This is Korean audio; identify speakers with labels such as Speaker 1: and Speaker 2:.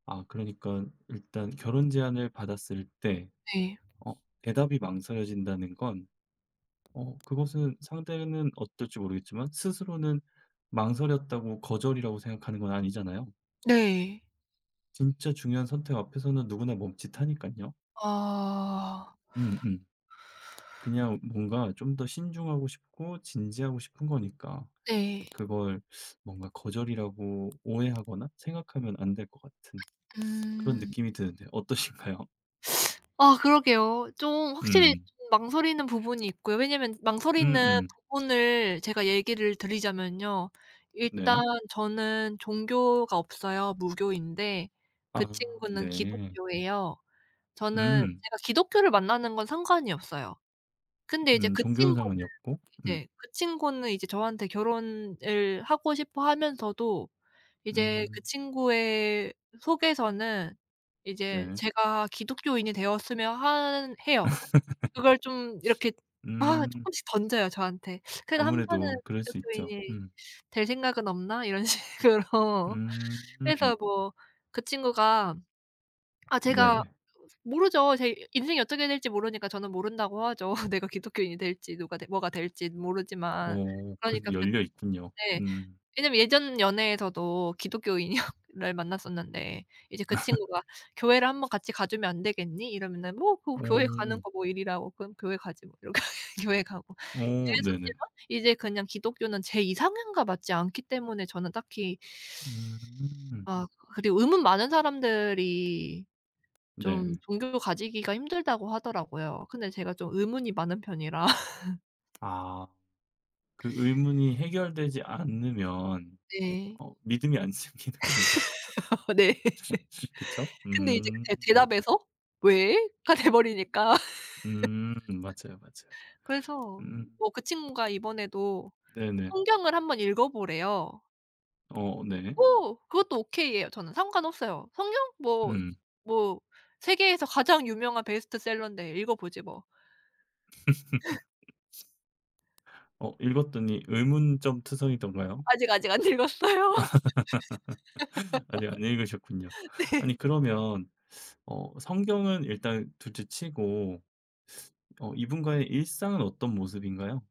Speaker 1: 아 그러니깐 일단 결혼 제안을 받았을 때
Speaker 2: 네.
Speaker 1: 어 대답이 망설여진다는 건 어 그것은 상대는 어떨지 모르겠지만 스스로는 망설였다고 거절이라고 생각하는 건 아니잖아요.
Speaker 2: 네.
Speaker 1: 진짜 중요한 선택 앞에서는 누구나 멈칫하니깐요.
Speaker 2: 아.
Speaker 1: 음 음. 그냥 뭔가 좀 더 신중하고 싶고 진지하고 싶은 거니까
Speaker 2: 네.
Speaker 1: 그걸 뭔가 거절이라고 오해하거나 생각하면 안 될 것 같은 그런
Speaker 2: 음.
Speaker 1: 느낌이 드는데 어떠신가요?
Speaker 2: 아 그러게요. 좀 확실히
Speaker 1: 음.
Speaker 2: 좀 망설이는 부분이 있고요. 왜냐하면
Speaker 1: 음
Speaker 2: 망설이는
Speaker 1: 음.
Speaker 2: 부분을 제가 얘기를 드리자면요. 일단
Speaker 1: 네.
Speaker 2: 저는 종교가 없어요. 무교인데 그
Speaker 1: 아.
Speaker 2: 친구는
Speaker 1: 네.
Speaker 2: 기독교예요. 저는
Speaker 1: 음.
Speaker 2: 제가 기독교를 만나는 건 상관이 없어요. 근데 이제
Speaker 1: 음.
Speaker 2: 그
Speaker 1: 종교는
Speaker 2: 친구는
Speaker 1: 상관이 없고. 음.
Speaker 2: 이제 그 친구는 이제 저한테 결혼을 하고 싶어 하면서도 이제 그
Speaker 1: 음.
Speaker 2: 친구의 속에서는 이제
Speaker 1: 네.
Speaker 2: 제가 기독교인이 되었으면 한 해요. 그걸 좀 이렇게 막
Speaker 1: 음.
Speaker 2: 쪼끔씩 던져요 저한테. "그래도 한번은
Speaker 1: 아무래도 그럴 수 있죠.
Speaker 2: 기독교인이
Speaker 1: 음.
Speaker 2: 될 생각은 없나?" 이런 식으로.
Speaker 1: 음.
Speaker 2: 그래서 뭐 그 친구가 아 제가
Speaker 1: 네네.
Speaker 2: 모르죠. 제 인생이 어떻게 될지 모르니까 저는 모른다고 하죠. 내가 기독교인이 될지 누가 돼 뭐가 될진 모르지만
Speaker 1: 어 그래도
Speaker 2: 그러니까 그
Speaker 1: 열려 있군요.
Speaker 2: 네
Speaker 1: 음.
Speaker 2: 왜냐하면 예전 연애에서도 기독교인이여 를 만났었는데 이제 그 친구가 "교회를 한번 같이 가 주면 안 되겠니?" 이러면은 "뭐 그거 교회 가는
Speaker 1: 오.
Speaker 2: 거 뭐 일이라고 그럼 교회 가지 뭐." 이렇게 교회 가고
Speaker 1: 오. 네네.
Speaker 2: 이랬었지만 이제 그냥 기독교는 제 이상향과 맞지 않기 때문에 저는 딱히.
Speaker 1: 음.
Speaker 2: 아 그리고 의문 많은 사람들이 좀
Speaker 1: 네.
Speaker 2: 종교 가지기가 힘들다고 하더라고요 근데 제가 좀 의문이 많은 편이라.
Speaker 1: 아. 그 의문이 해결되지 않으면
Speaker 2: 네.
Speaker 1: 어 믿음이 안 생기는군요.
Speaker 2: 네.
Speaker 1: 그쵸?
Speaker 2: 근데 이제 그
Speaker 1: 음.
Speaker 2: 대 대답에서 "왜?" 가 돼 버리니까.
Speaker 1: 음 맞아요, 맞아요.
Speaker 2: 그래서
Speaker 1: 음.
Speaker 2: 뭐 그 친구가 이번에도
Speaker 1: 네네.
Speaker 2: 성경을 한번 읽어 보래요.
Speaker 1: 어 네.
Speaker 2: 오. 그것도 오케이예요. 저는 상관없어요. '성경? 뭐,
Speaker 1: 음.
Speaker 2: 뭐 세계에서 가장 유명한 베스트셀러인데 읽어보지 뭐.'
Speaker 1: 어 읽었더니 의문점투성이던가요?
Speaker 2: 아직 아직 안 읽었어요.
Speaker 1: 아니 안 읽으셨군요.
Speaker 2: 네.
Speaker 1: 아니 그러면 어 성경은 일단 둘째 치고 어 이분과의 일상은 어떤 모습인가요?